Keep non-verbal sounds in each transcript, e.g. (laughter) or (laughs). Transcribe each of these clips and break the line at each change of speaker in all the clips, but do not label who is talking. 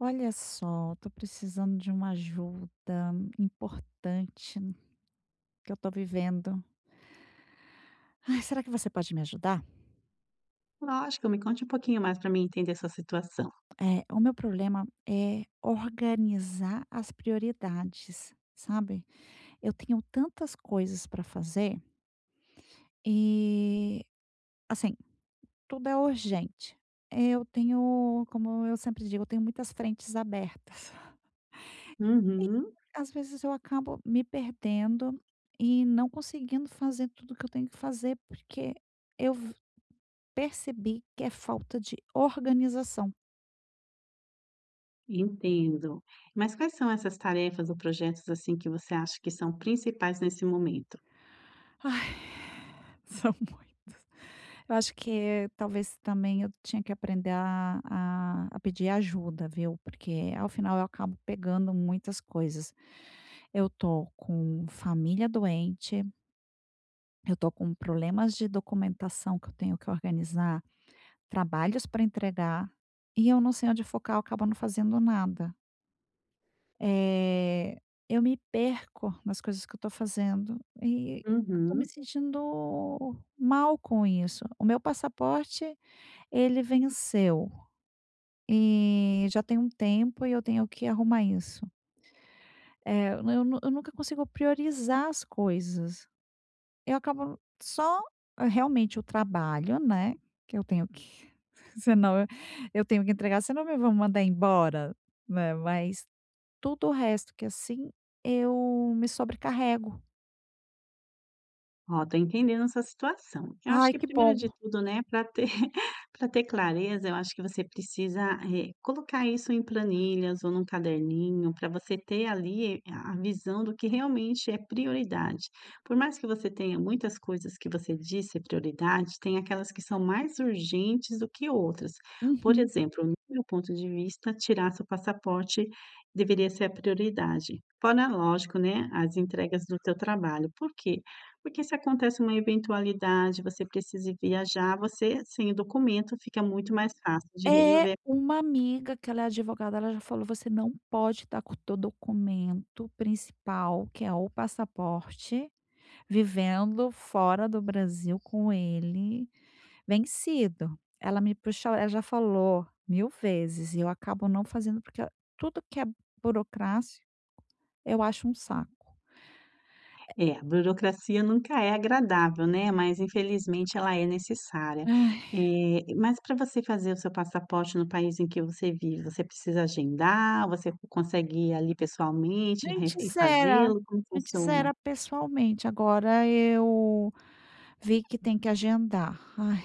Olha só. Eu tô precisando de uma ajuda importante. Que eu tô vivendo (sighs) Ai, será que você pode me ajudar?
Lógico, me conte um pouquinho mais pra mim entender a sua situação.
É. O meu problema é organizar as prioridades, sabe? Eu tenho tantas coisas pra fazer e assim. Tudo é urgente. Eu tenho, como eu sempre digo, eu tenho muitas frentes abertas. (chuckles)
Uhum.
E, às vezes eu acabo me perdendo e não conseguindo fazer tudo o que eu tenho que fazer, porque eu vo percebi que é falta de organização.
Entendo. Mas quais são essas tarefas ou projetos, assim, que você acha que são principais nesse momento?
(sighs) Ai. São muitos. Eu acho que talvez também eu tinha que aprender a a a pedir ajuda, viu? Porque ao final eu acabo pegando muitas coisas. Eu tô com família doente. Eu tô com problemas de documentação que eu tenho que organizar, trabalhos pra entregar e eu não sei onde focar, eu acabo não fazendo nada. Eh, eu me perco nas coisas que eu tô fazendo, eh, eu tô me
Uhum.
sentindo mal com isso. O meu passaporte, ele venceu, eh, já tem um tempo e eu tenho que arrumar isso. É, m eu nu eu nunca consigo priorizar as coisas. Eu acabo só realmente o trabalho, né, que eu tenho que senão eu tenho que entregar senão me vão mandar embora, né, mas tudo o resto que assim, eu me sobrecarrego.
Ó, tô entendendo a sua situação. Eu acho
Ai,
que
que
primeiro
bom!
de tudo, né, pra ter (giggles) pra ter clareza, eu acho que você precisa re colocar isso em planilhas ou num caderninho, pra você ter, ali, eh, a visão do que realmente é prioridade, por mais que você tenha muitas coisas que você diz ser prioridade, tem aquelas que são mais urgentes do que outras, por
Uhum.
exemplo, no meu ponto de vista, tirar seu passaporte deveria ser a prioridade, fora lógico, né, as entregas do teu trabalho. Por quê? Porque se acontece uma eventualidade, você precisa ir viajar, você sem o documento, fica muito mais fácil de
Eh,
resolver
uma amiga que ela é advogada, ela já falou: "Você não pode estar com o teu documento principal, que é o passaporte, vivendo fora do Brasil com ele vencido, ela me puxou a ela já falou 1000 vezes e eu acabo não fazendo, porque a tudo que é burocrático eu acho um saco. É
É, burocracia nunca é agradável, né, mas infelizmente ela é necessária
Ai!
eh, mas pra você fazer o seu passaporte no país em que você vive, você precisa agendar? Você consegue ir, aí, pessoalmente re e
Antes era
fazê-lo, como
antes
funciona?
era pessoalmente, agora eu vi que tem que agendar, ai!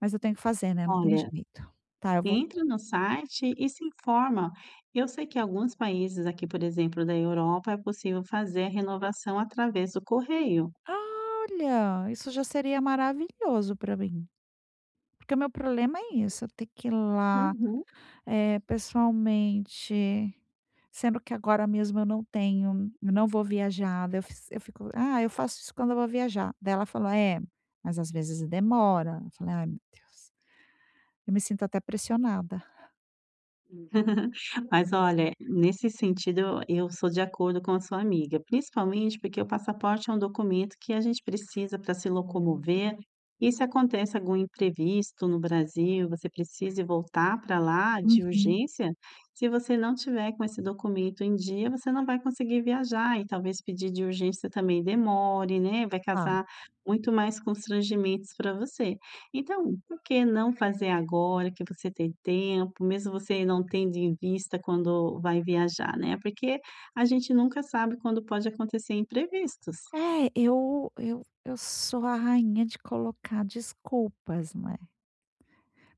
Mas eu tenho que fazer, né, não tem
Olha,
jeito, tá, eu vou
entre no site e se informa. Eu sei que alguns países aqui, por exemplo, da Europa é possível fazer a renovação através do correio.
Ah, olha, isso já seria maravilhoso pra mim. Porque o meu problema é isso, eu ter que ir lá,
Uhum.
eh, pessoalmente, sendo que agora mesmo eu não tenho eu não vou viajar. Daí eu fiz eu fico: "Ah, eu faço isso quando eu vou viajar.", daí ela falou: "É, mas às vezes demora!", eu falei: "Ai, meu Deus!". Eu me sinto até pressionada.
(giggles) Mas olha, nesse sentido, eu eu sou de acordo com a sua amiga. Principalmente porque o passaporte é um documento que a gente precisa pra se locomover. E se acontece algum imprevisto no Brasil, e você precise voltar pra lá de
Uhum.
urgência. Se você não tiver com esse documento em dia, você não vai conseguir viajar e talvez pedir de urgência, também demore, né, vai
Hã.
causar muito mais constrangimentos pra você. Então, por que não fazer agora que você tem tempo, mesmo você não tendo em vista quando vai viajar, né? Porque a gente nunca sabe quando pode acontecer imprevistos.
É, eu eu eu sou a rainha de colocar desculpas, não é.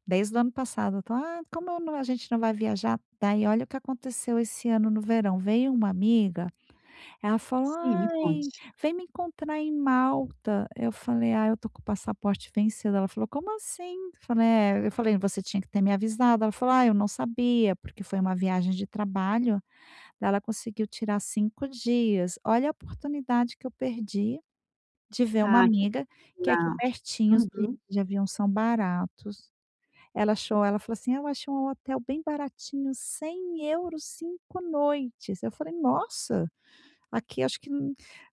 Desde o ano passado, eu tô "ah, como eu não, a gente não vai viajar." Daí olha o que aconteceu esse ano no verão. Veio uma amiga. Ela falou:
Sim, me
"Ai,
conte.
vem me encontrar em Malta." Eu falei: "Ai, eu tô com o passaporte vencido." Ela falou: "como assim?" Eu falei: "é.". Eu falei: "você tinha que ter me avisado." Ela falou: "ai, eu não sabia." Porque foi uma viagem de trabalho. Daí ela conseguiu tirar 5 dias. Olha a oportunidade que eu perdi de ver uma
Ah, que
amiga que é aqui
pena!
pertinho, e-e os
Uhum.
bilhetes de avião são baratos. Ela achou, ela falou assim: "Eu achei um hotel bem baratinho, €100, 5 noites." Eu falei: "Nossa!" Aqui, acho que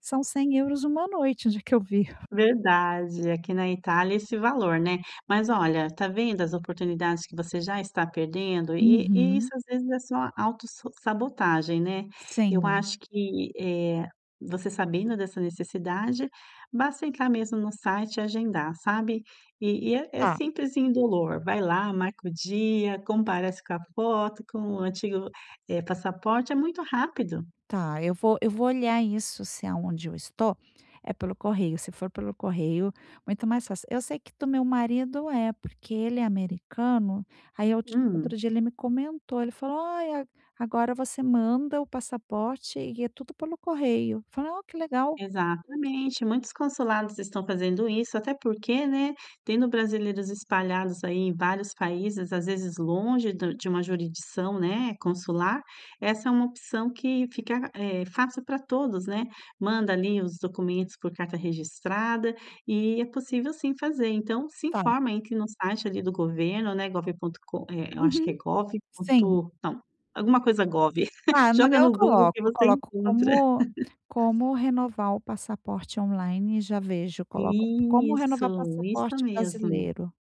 são €100 uma noite, onde é que eu vi.
Verdade. Aqui na Itália, é esse valor, né? Mas olha, tá vendo as oportunidades que você já está perdendo e e isso
Uhum.
às vezes é só auto s sabotagem, né? Eu
Sim.
acho que eh, você sabendo dessa necessidade, basta entrar mesmo no site e agendar, sabe? E e é é
Tá.
simples e indolor. Vai lá, marca o dia, comparece com a foto, com o antigo eh passaporte. É muito rápido!
Tá. Eu vou eu vou olhar isso se é aonde eu estou é pelo correio. Se for pelo correio, muito mais fácil. Eu sei que do meu marido é, porque ele é americano. Aí eu
Hum.
outro dia ele me comentou. Ele falou: "Ó, agora você manda o passaporte e é tudo pelo correio." Falei: "Ó, que legal."
Exatamente! Muitos consulados estão fazendo isso, até porque, né, tendo brasileiros espalhados aí em vários países, às vezes longe do de uma jurisdição, né, consular. Essa é uma opção que fica, eh, fácil pra todos, né? Manda ali os documentos por carta registrada e é possível, sim, fazer. Então, se
Tá.
informa, entre no site ali do governo, né, gov ponto com, eh, eu acho que é
Uhum.
gov
Sim.
ponto, não, alguma coisa gov,
Ah,
(giggles)
no
joga
meu eu
no Google
coloco
que
eu
você
coloco
encontra.
como
(laughs)
como renovar o passaporte online e já vejo. Eu coloco como
Isso,
renovar o
isso
passaporte
mesmo!
brasileiro.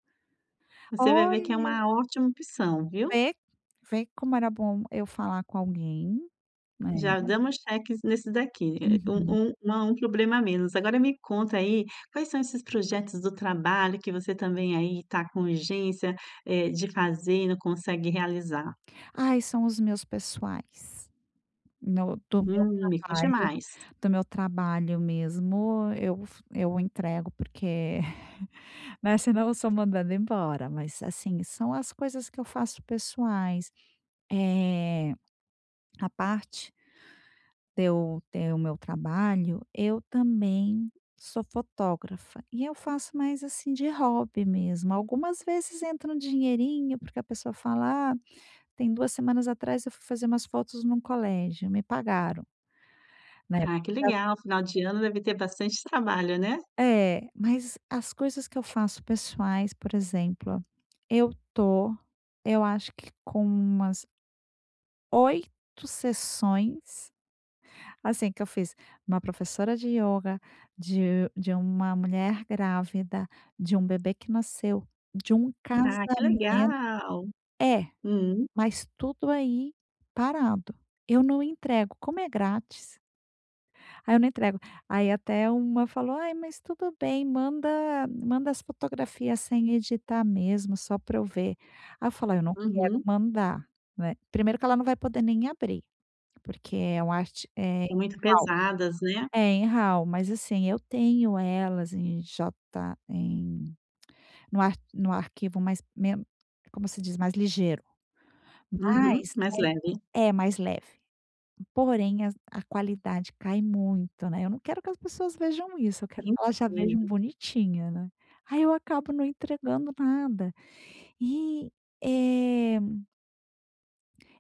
Você vai ver que é
Olha!
uma ótima opção, viu?
Vê? Vê como era bom eu falar com alguém, né?
Já damos checks nesses daqui. É
Uhum.
um um uma um problema a menos. Agora me conta aí quais são esses projetos do trabalho que você também, aí, tá com urgência, eh, de fazer, e não consegue realizar?
Ai, são os meus pessoais. No do meu
Hum, me conte
trabalho
mais.
do meu trabalho mesmo, eu f eu entrego porque, (chuckles) né? Se não eu sou mandada embora, mas assim. São as coisas que eu faço pessoais, eh à parte de eu ter o meu trabalho, eu também sou fotógrafa. E eu faço mais assim de hobby mesmo. Algumas vezes entra um dinheirinho, porque a pessoa fala "ah". Tem 2 semanas atrás, eu fui fazer umas fotos num colégio. Me pagaram. Né?
Ai, que
Porque já
legal. Final de ano deve ter bastante trabalho, né?
É. Mas as coisas que eu faço pessoais, por exemplo. Eu tô eu acho que com umas 8 sessões, assim, que eu fiz. Uma professora de ioga, de de uma mulher grávida, de um bebê que nasceu, de um
Ah, que
casamento
legal!
É,
Hum.
mas tudo aí parado. Eu não entrego. Como é grátis aí eu não entrego. Aí até uma falou: "Ai, mas tudo bem. Manda manda as fotografias sem editar mesmo só pra eu ver." Aí falei "Eu não quero
Uhum.
mandar", né? Primeiro que ela não vai poder nem abrir, porque é uma arte, eh, em
Muito
RAW.
pesadas, né?
É em RAW, mas assim, eu tenho elas em j em, no ar no arquivo, mais men como se diz, mais ligeiro.
Uhum.
Mas
Mais leve.
é é mais leve. Porém, a a qualidade cai muito, né? Eu não quero que as pessoas vejam isso. Eu quero que elas já vejam
Entendo.
bonitinha, né? Aí eu acabo não entregando nada e eh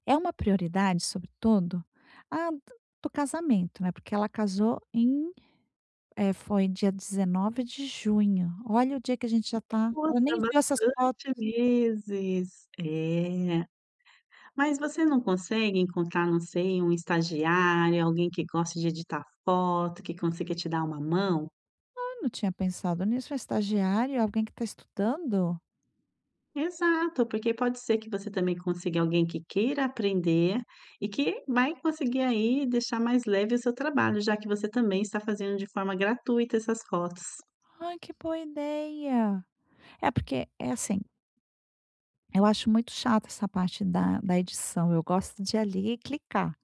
É uma prioridade, sobretudo, a do do casamento, né? Porque ela casou em eh, foi dia 19 de junho. Olha o dia que a gente já está.
Nossa.
Ela nem viu essas
Bastante
fotos.
meses. Eh. Mas você não consegue encontrar, não sei, um estagiário, alguém que goste de editar foto, que consiga te dar uma mão?
Ah, eu não tinha pensado nisso. Estagiário? É alguém que está estudando?
Exato. Porque pode ser que você também consiga alguém que queira aprender e que vai conseguir aí deixar mais leve o seu trabalho, já que você também está fazendo de forma gratuita essas fotos.
Ai, que boa ideia. É porque é assim eu acho muito chata essa parte da da edição. Eu gosto de ali e clicar.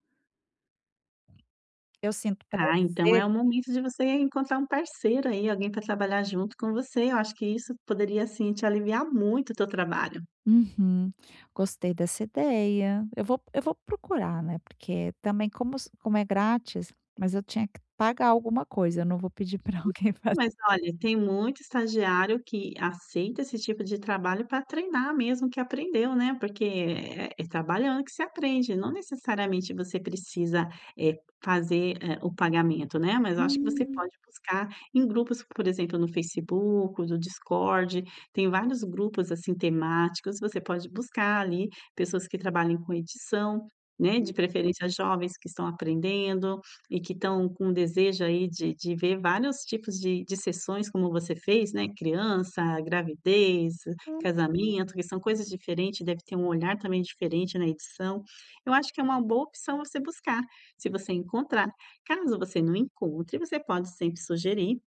Eu sinto
Ah, então
prazer
é o
em
momento de você encontrar um parceiro aí. Alguém para trabalhar junto com você. Eu acho que isso poderia, sim, te aliviar muito o teu trabalho.
Uhum. Gostei dessa ideia. Eu vou eu vou procurar, né? Porque também, como se como é grátis mas eu tinha que pagar alguma coisa. Eu não vou pedir para alguém
Então,
fazer
mas olha, tem muito estagiário que aceita esse tipo de trabalho para treinar mesmo o que aprendeu, né? Porque é é trabalhando que você aprende. Não necessariamente, você precisa, eh, fazer, eh, o pagamento, né? Mas eu acho que você
Hum.
pode buscar em grupos. Por exemplo, no Facebook, no Discord. Tem vários grupos, assim, temáticos. Você pode buscar ali pessoas que trabalhem com edição, né?
Hum.
De preferência, jovens que estão aprendendo e que estão com o desejo aí de de ver vários tipos de de sessões, como você fez, né? Criança, gravidez,
Hum.
casamento, que são coisas diferentes. Deve ter um olhar também diferente na edição. Eu acho que é uma boa opção a se buscar, se você encontrar. Caso você não encontre, você pode sempre sugerir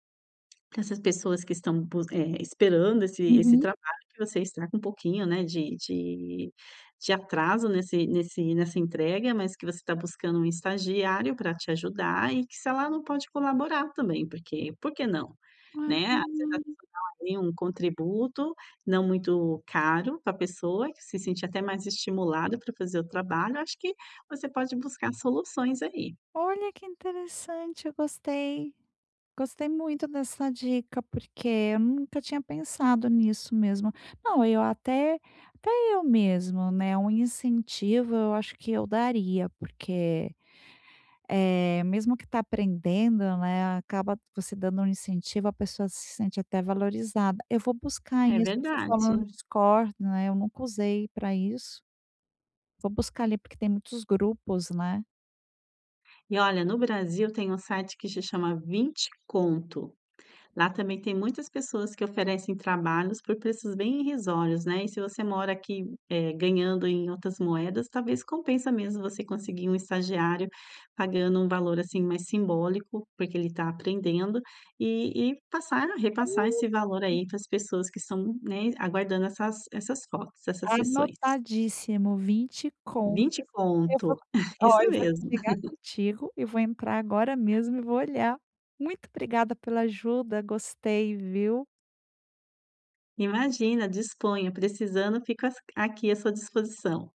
que essas pessoas que estão bus eh, esperando esse esse
Uhum.
trabalho que você está com um pouquinho, né, de de de atraso nesse nesse nessa entrega. Mas que você está buscando um estagiário para te ajudar e que se ela não pode colaborar também. Porque porque não, né? Às vezes, a pessoa dá ali um contributo, não muito caro, para a pessoa que se sente até mais estimulada para fazer o trabalho. Acho que você pode buscar soluções aí.
Olha, que interessante. Eu gostei. Gostei muito dessa dica, porque eu nunca tinha pensado nisso mesmo. Não, eu até até eu mesmo, né um incentivo, eu acho que eu daria, porque, eh, mesmo que está aprendendo, né, acaba você dando um incentivo, a pessoa se sente até valorizada. Eu vou buscar
É
isso. Você falou
verdade.
no Discord, né? Eu nunca usei para isso. Vou buscar ali porque tem muitos grupos né?
E olha, no Brasil tem um site que se chama 20 Conto. Lá também tem muitas pessoas que oferecem trabalhos por preços bem irrisórios, né? E se você mora aqui em eh, ganhando em outras moedas, talvez compensa mesmo você conseguir um estagiário pagando um valor assim mais simbólico, porque ele está aprendendo e e passar a repassar esse valor aí para as pessoas que estão, né, aguardando essas essas fotos, essas sessões.
Anotadíssimo! 20 contos.
20
Eu vou,
Conto. (chuckles)
oh,
Isso
eu vou
mesmo.
desligar
(laughs)
contigo e vou entrar agora mesmo e vou olhar. Muito obrigada pela ajuda. Gostei, viu?
Imagina, disponha. Precisando, fico asq aqui, à sua disposição.